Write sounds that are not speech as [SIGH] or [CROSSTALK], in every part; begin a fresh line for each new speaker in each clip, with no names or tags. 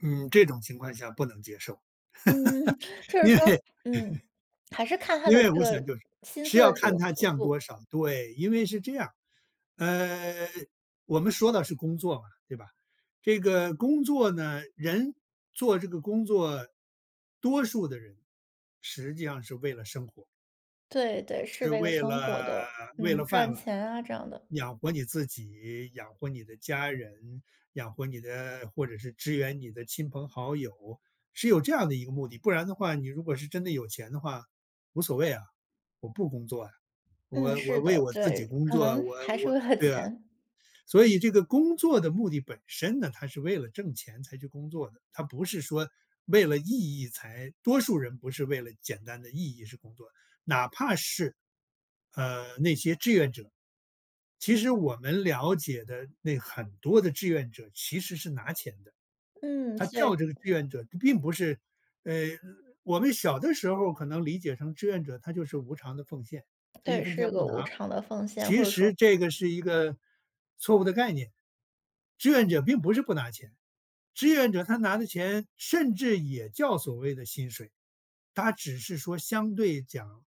嗯，这种情况下不能接受。
嗯，就
[LAUGHS]
是
因
说
为
嗯，
[LAUGHS]
还是看它
因
的
为
这
我想
个
就是
薪
是
资
要
的这
看
个
它
幅
降
度。
多少，对。因为是这样，呃，我们说的是工作嘛，对吧？这个工作呢，人做这个工作，多数的人实际上是为了生活。
对对，是
是
为了
为
生活
了
的。
为
嗯，
了饭
赚
碗，
钱啊，这样的。
养活你自己、养活你的家人、养活你的或者是支援你的亲朋好友，是有这样的一个目的。不然的话你如果是真的有钱的话，无所谓啊，我不工作啊。
嗯，
我我
是
为
的。
我自己
对，
工
可
作，
能
我
还是
我对啊。
为了钱。
所以这个工作的目的本身呢，它是为了挣钱才去工作的。它不是说为了意义才多数人不是为了简单的意义是工作。哪怕是，呃，那些志愿者。其实我们了解的那很多的志愿者其实是拿钱的。
嗯，
他
是
叫
对。
这个志愿者他并不是呃，我们小的时候可能理解成志愿者，他就是无偿的奉献，他一
对，
分钱
是个
不
无
拿，
偿的奉献，或
其
者说
实这个是一个错误的概念。志愿者并不是不拿钱，志愿者，他拿的钱甚至也叫所谓的薪水。他只是说相对讲，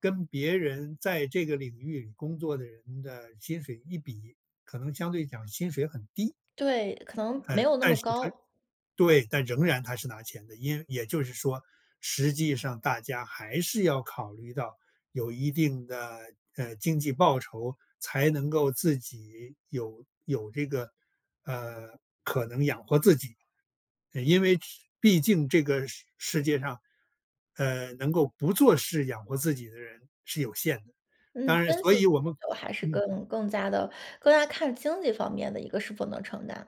跟别人在这个领域里工作的人的薪水一比，可能相对讲薪水很低。
对，可能没
呃，
有那
但
么
是他
高。
对，但仍然他是拿钱的。因也就是说实际上大家还是要考虑到有一定的，呃，经济报酬，才能够自己有有这个，呃，可能养活自己。因为只毕竟这个世世界上，呃，能够不做事养活自己的人是有限的。
嗯，
当然所
[UNINTELLIGIBLE]
以我们
还是
嗯。
更更加地更加看经济方面的一个是否能承担。